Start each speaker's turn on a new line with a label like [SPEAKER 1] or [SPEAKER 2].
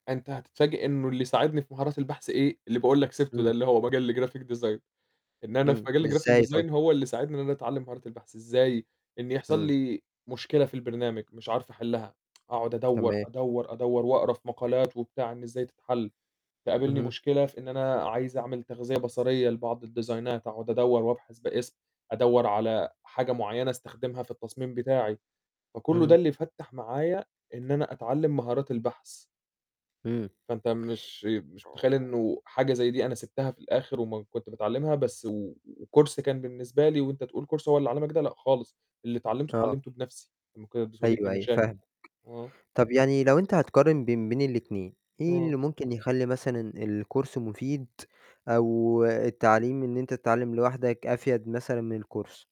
[SPEAKER 1] أنت هتتفاجئ إنه اللي يساعدني في مهارات البحث إيه، اللي باقول لك سِبته
[SPEAKER 2] إمم.
[SPEAKER 1] ده اللي هو مجال graphic design، لإن أنا في
[SPEAKER 2] إمم.
[SPEAKER 1] مجال graphic
[SPEAKER 2] إزاي طيب؟
[SPEAKER 1] design هو اللي ساعدني إن أنا أتعلّم مهارات البحث إزاي، إن يحصل
[SPEAKER 2] إمم.
[SPEAKER 1] لي مشكلة في البرنامج مش عارف أحلّها، أقعد أدوّر،
[SPEAKER 2] تمام.
[SPEAKER 1] أدوّر، أدوّر وأقرا في مقالات وبتاع إن إزاي تتحل، تقابلني
[SPEAKER 2] اهم.
[SPEAKER 1] مشكلة في إن أنا عايز أعمل تغذية بصرية لبعض الديزاينات أقعد أدوّر وأبحث باسم أدوّر على حاجة معيّنة أستخدمها في التصميم بتاعي، فكلّه ده
[SPEAKER 2] اهم.
[SPEAKER 1] اللي فتَّح معايا إن أنا أتعلّم مهارات البحث.
[SPEAKER 2] امم.
[SPEAKER 1] فأنت مش مش متخيّل إنه حاجة زي دي أنا سِبتها في الآخر وما كنت باتعلّمها بس و وCourse كان بالنسبة لي وأنت تقول Course هو اللي علّمك ده، لأ خالص، اللي اتعلّمته،
[SPEAKER 2] آه.
[SPEAKER 1] اتعلّمته بنفْسي، لمّا كانت بتواجهني
[SPEAKER 2] أيوه، أيوه،
[SPEAKER 1] مشاكل.
[SPEAKER 2] فاهمك.
[SPEAKER 1] آه.
[SPEAKER 2] طب يعني لو أنت هتقارن بين بين الاتنين، إيه اللي
[SPEAKER 1] آه.
[SPEAKER 2] ممكن يخلّي مثلًا الCourse مفيد، أو التعليم إن أنت تتعلّم لوحدك أفيَد مثلًا من الCourse؟